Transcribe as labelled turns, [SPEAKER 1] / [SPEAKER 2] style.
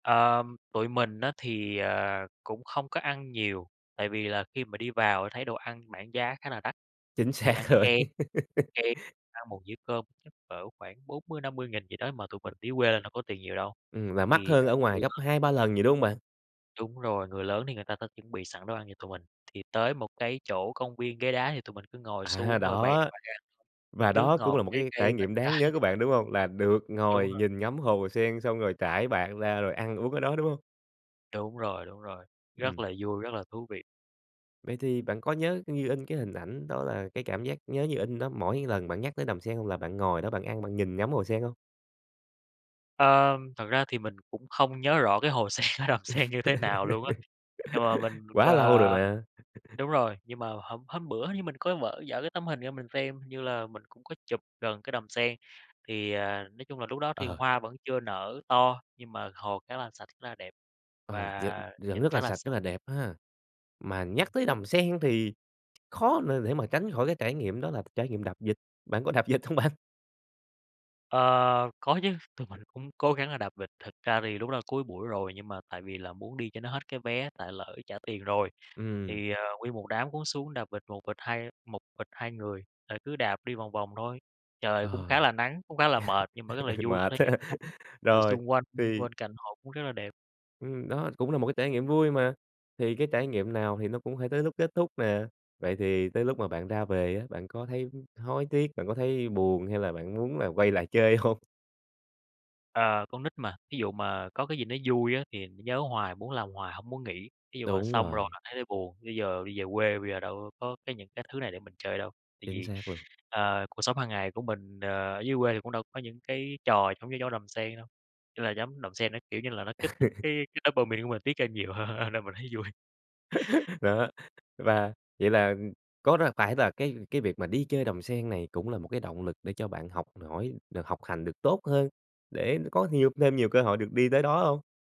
[SPEAKER 1] Ờ, tụi mình á, thì, ờ, cũng không có ăn nhiều, tại vì là khi mà đi vào thấy đồ ăn bảng giá khá là đắt,
[SPEAKER 2] Chính
[SPEAKER 1] thì
[SPEAKER 2] xác
[SPEAKER 1] ăn
[SPEAKER 2] rồi.
[SPEAKER 1] [unintelligible] ăn một dĩa cơm chắc cỡ khoảng 40.000, 50.000 gì đó, mà tụi mình dưới quê lên đâu có tiền nhiều đâu có
[SPEAKER 2] Ừm, là
[SPEAKER 1] tiền
[SPEAKER 2] mắc
[SPEAKER 1] nhiều đâu.
[SPEAKER 2] hơn ở
[SPEAKER 1] Thì à
[SPEAKER 2] ngoài gấp
[SPEAKER 1] [unintelligible]
[SPEAKER 2] 2-3 lần gì, đúng hông bạn?
[SPEAKER 1] Đúng rồi, người lớn thì người ta sẽ chuẩn bị sẵn đồ ăn cho tụi mình, thì tới một cái chỗ công viên ghế đá thì tụi mình cứ ngồi
[SPEAKER 2] À,
[SPEAKER 1] xuống, rồi bày đồ
[SPEAKER 2] đó,
[SPEAKER 1] ăn ra,
[SPEAKER 2] và
[SPEAKER 1] nước
[SPEAKER 2] đó cũng
[SPEAKER 1] ngọt,
[SPEAKER 2] là một
[SPEAKER 1] trái
[SPEAKER 2] cái
[SPEAKER 1] cây,
[SPEAKER 2] trải
[SPEAKER 1] bánh
[SPEAKER 2] nghiệm đáng
[SPEAKER 1] trái
[SPEAKER 2] nhớ của
[SPEAKER 1] này
[SPEAKER 2] bạn,
[SPEAKER 1] nọ.
[SPEAKER 2] đúng hông? Là được
[SPEAKER 1] Đúng
[SPEAKER 2] ngồi
[SPEAKER 1] rồi.
[SPEAKER 2] nhìn ngắm hồ sen xong rồi trải bạt ra rồi ăn uống cái đó, đúng hông?
[SPEAKER 1] Đúng rồi, đúng rồi, rất
[SPEAKER 2] Ừm.
[SPEAKER 1] là vui, rất là thú vị.
[SPEAKER 2] Vậy thì bạn có nhớ như in cái hình ảnh đó là cái cảm giác nhớ như in đó mỗi lần bạn nhắc tới Đầm Sen là bạn ngồi đó bạn ăn, bạn nhìn ngắm hồ sen hông?
[SPEAKER 1] Ờ, thật ra thì mình cũng không nhớ rõ cái hồ sen ở Đầm Sen như thế nào luôn á, nhưng mà mình,
[SPEAKER 2] Quá lâu rồi
[SPEAKER 1] ờ
[SPEAKER 2] mà.
[SPEAKER 1] đúng rồi, nhưng mà hôm hôm bữa hình như mình có vở giở cái tấm hình ra mình xem, hình như là mình cũng có chụp gần cái đầm sen. Thì, à, nói chung là lúc đó thì
[SPEAKER 2] Ờ.
[SPEAKER 1] hoa vẫn chưa nở to, nhưng mà hồ khá là sạch, rất là đẹp,
[SPEAKER 2] Ờ, d
[SPEAKER 1] và
[SPEAKER 2] vẫn
[SPEAKER 1] nhìn
[SPEAKER 2] rất là
[SPEAKER 1] khá là
[SPEAKER 2] sạch, rất
[SPEAKER 1] sạch.
[SPEAKER 2] là đẹp ha, mà nhắc
[SPEAKER 1] Ừm.
[SPEAKER 2] tới Đầm Sen thì khó để để mà tránh khỏi cái trải nghiệm đó là trải nghiệm đạp vịt, bạn có đạp vịt hông bạn?
[SPEAKER 1] Ờ, có chứ, tụi mình cũng cố gắng là đạp vịt. Thật ra thì lúc đó cuối buổi rồi nhưng mà tại vì là muốn đi cho nó hết cái vé tại lỡ trả tiền rồi,
[SPEAKER 2] Ừm.
[SPEAKER 1] thì, ờ, nguyên một đám cũng xuống đạp vịt một vịt hai một vịt 2 người, rồi cứ đạp đi vòng vòng thôi, trời cũng
[SPEAKER 2] Ờ,
[SPEAKER 1] khá là nắng, cũng khá là mệt, nhưng mà rất là vui, có
[SPEAKER 2] mệt
[SPEAKER 1] thể nhìn
[SPEAKER 2] ha.
[SPEAKER 1] ngắm trời
[SPEAKER 2] Rồi,
[SPEAKER 1] xung quanh,
[SPEAKER 2] thì
[SPEAKER 1] bên cạnh hồ cũng rất là đẹp.
[SPEAKER 2] Ừm, đó cũng là một cái trải nghiệm vui mà, thì cái trải nghiệm nào thì nó cũng phải tới lúc kết thúc nè, vậy thì tới lúc mà bạn ra về á, bạn có thấy hối tiếc, bạn có thấy buồn hay là bạn muốn là quay lại chơi hông?
[SPEAKER 1] Ờ, con nít mà, thí dụ mà có cái gì nó vui á, thì nó nhớ hoài, muốn làm hoài hổng muốn nghỉ, thí dụ mà
[SPEAKER 2] Đúng
[SPEAKER 1] xong rồi
[SPEAKER 2] rồi.
[SPEAKER 1] mà thấy là buồn, bây giờ đi về quê bây giờ đâu có cái những cái thứ này để mình chơi đâu. Tại
[SPEAKER 2] Chính
[SPEAKER 1] vì,
[SPEAKER 2] xác luôn.
[SPEAKER 1] ờ, cuộc sống hàng ngày của mình, ờ, ở dưới quê thì cũng đâu có những cái trò giống như trong Đầm Sen đâu, ý là giống Đầm Sen nó, kiểu như là, nó kích thích cái cái dopamine của mình tiết ra nhiều hơn, ơ, nên mình thấy vui.
[SPEAKER 2] Đó, và vậy có là phải là cái cái việc mà đi chơi Đầm Sen này cũng là một cái động lực để cho bạn học hỏi được học hành được tốt hơn, để có nhiều thêm nhiều cơ hội được đi tới đó hông?